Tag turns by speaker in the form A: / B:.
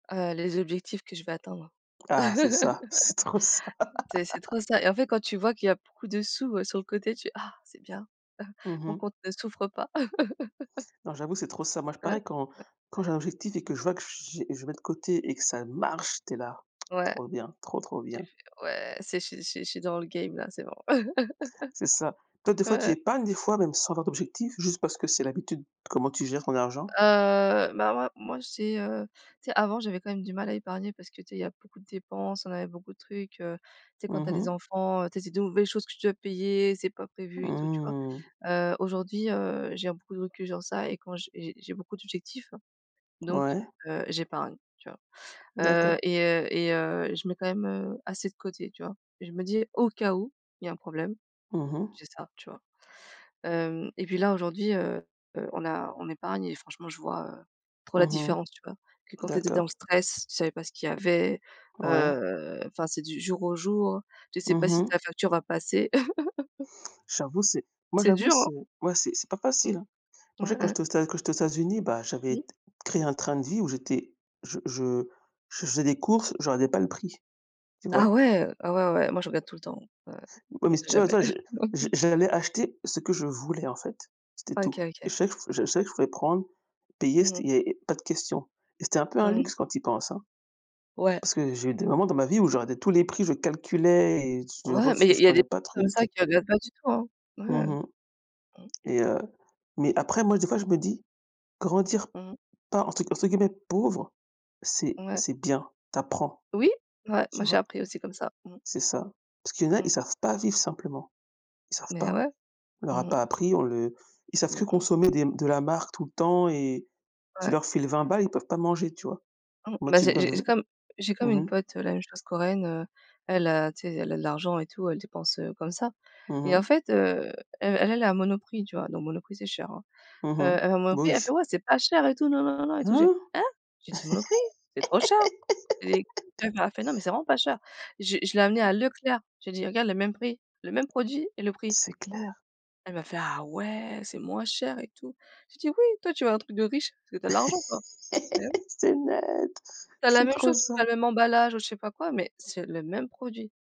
A: Heu, les objectifs que je vais atteindre.
B: Ah c'est ça, c'est trop ça.
A: C'est c'est trop ça et en fait quand tu vois qu'il y a beaucoup de sous, heu, sur le côté, tu fais: «Ah c'est bien,
B: Mmh
A: mon
B: mh.
A: compte ne souffre pas.»
B: Non j'avoue c'est trop ça. Moi je
A: Ouais,
B: pareil quand
A: ouais.
B: quand j'ai un objectif et que je vois que j j'ai je met de côté et que ça marche, tu es là:
A: Ouais.
B: «Trop bien, trop, trop
A: Tu
B: bien.»
A: fais: «Ouais c'est je suis je suis je suis dans le game là, c'est bon.»
B: C'est ça. Toi, des fois,
A: Ouais,
B: tu
A: ouais.
B: épargnes, des fois, même sans avoir d'objectif, juste parce que c'est l'habitude? Comment tu gères ton argent?
A: Heu, bah, moi moi j'ai, heu tu sais avant, j'avais quand même du mal à épargner parce que, tu sais, il y a beaucoup de dépenses, on avait beaucoup de trucs, heu, tu sais, quand
B: Mmh
A: tu as des
B: mh.
A: enfants, heu, tu sais, c'est des nouvelles choses que tu dois payer, c'est pas prévu et tout, tu vois?
B: Mmh.
A: Heu, aujourd'hui, heu, j'ai beaucoup de recul sur ça et quand j'ai j'ai beaucoup d'objectifs donc
B: Ouais.
A: heu, j'épargne tu vois, heu
B: D'accord.
A: et heu et heu, je mets quand même, heu, assez de côté, tu vois, et je me dis au cas où il y a un problème,
B: Mmh mh.
A: c'est ça, tu vois, hem et puis là, aujourd'hui, heu heu, on a on épargne et franchement je vois, heu, trop la
B: Mmh mh.
A: différence tu vois? Que quand tu étais dans le
B: D'accord.
A: stress, tu savais pas ce qu'il y avait,
B: Ouais.
A: heu, enfin c'est du jour au jour, tu sais pas
B: Mmh
A: si
B: mh.
A: ta facture va passer.
B: J'avoue c'est moi
A: C'est
B: j'avoue
A: dur,
B: c'est
A: hein.
B: ouais, c'est c'est pas facile,
A: Mmh.
B: hein. Moi je
A: Ouais,
B: sais quand
A: ouais.
B: j'étais aux Etats quand j'étais aux États-Unis, bah, j'avais
A: Mmh.
B: t créé un train de vie où j'étais je je je faisais des courses, je regardais pas le prix, tu
A: Ah
B: vois?
A: ouais, ah ouais, ouais, moi je regarde tout le temps, ouais,
B: Ouais, mais
A: on sait
B: tu vois tu
A: jamais.
B: vois je je j'allais acheter ce que je voulais en fait, c'était
A: OK.
B: tout et
A: OK.
B: je savais que je savais que je pouvais prendre, payer,
A: Mmh
B: c'était
A: mh.
B: il y avait pas de question et c'était un peu un
A: Mmh mh.
B: luxe quand tu y penses, hein.
A: Ouais.
B: Parce que j'ai eu des moments dans ma vie où je regardais tous les prix, je calculais et je
A: Ouais,
B: ref
A: mais
B: je
A: il y a des
B: prenais pas le
A: gens comme
B: truc,
A: ça
B: heu
A: qui regarde pas du tout, hein.
B: Mmh
A: Ouais.
B: mh
A: Mmh.
B: et heu mais après moi des fois je me dis, grandir
A: Mmh mh.
B: pas entre entre guillemets «pauvre» c'est
A: Ouais.
B: c'est bien, tu apprends,
A: Oui moi moi
B: tu
A: j'ai
B: vois?
A: appris aussi comme ça. Mmh.
B: C'est ça. Parce qu'il y en a, ils
A: Mmh.
B: savent pas vivre simplement, ils savent
A: Mais
B: pas.
A: ouais.
B: On leur a
A: Mmh.
B: pas appris, on le ils savent
A: Mmh
B: que
A: mh.
B: consommer des de la marque tout le temps et tu
A: Ouais.
B: leur files 20 balles, ils peuvent pas manger, tu vois?
A: Mmh
B: Moi
A: bah
B: tu me
A: j'ai
B: donnes
A: j'ai
B: v
A: comme j'ai comme
B: mmh
A: une
B: mh.
A: pote, la même chose Corréenne, heu, elle heu tu sais, elle a de l'argent et tout, elle dépense, heu, comme ça
B: Mmh
A: et en
B: mh.
A: fait, heu, elle elle est à Monoprix, tu vois, donc Monoprix c'est cher, hein,
B: Mmh
A: heu
B: mh.
A: elle va à
B: Bah
A: Monoprix elle fait:
B: oui.
A: «Ouais c'est pas cher et tout na na na na et tout» je fais:
B: Hein?
A: «Hein?» j'ai dit: «Monoprix, c'est trop cher» et elle m'a fait: «Non, mais c'est vraiment pas cher.» Je l'ai je l'ai amené à Leclerc, j'ai dit: «Regarde le même prix, le même produit et le prix.»
B: C'est clair.
A: Elle m'a fait: «Ah ouais c'est moins cher et tout.» J'ai dit: «Oui toi tu veux un truc de riche parce que tu as l'argent, quoi», beh, oui.
B: C'est net,
A: Tu as la
B: c'est
A: même
B: trop
A: chose, pas
B: ça.
A: le même emballage ou je sais pas quoi, mais c'est le même produit.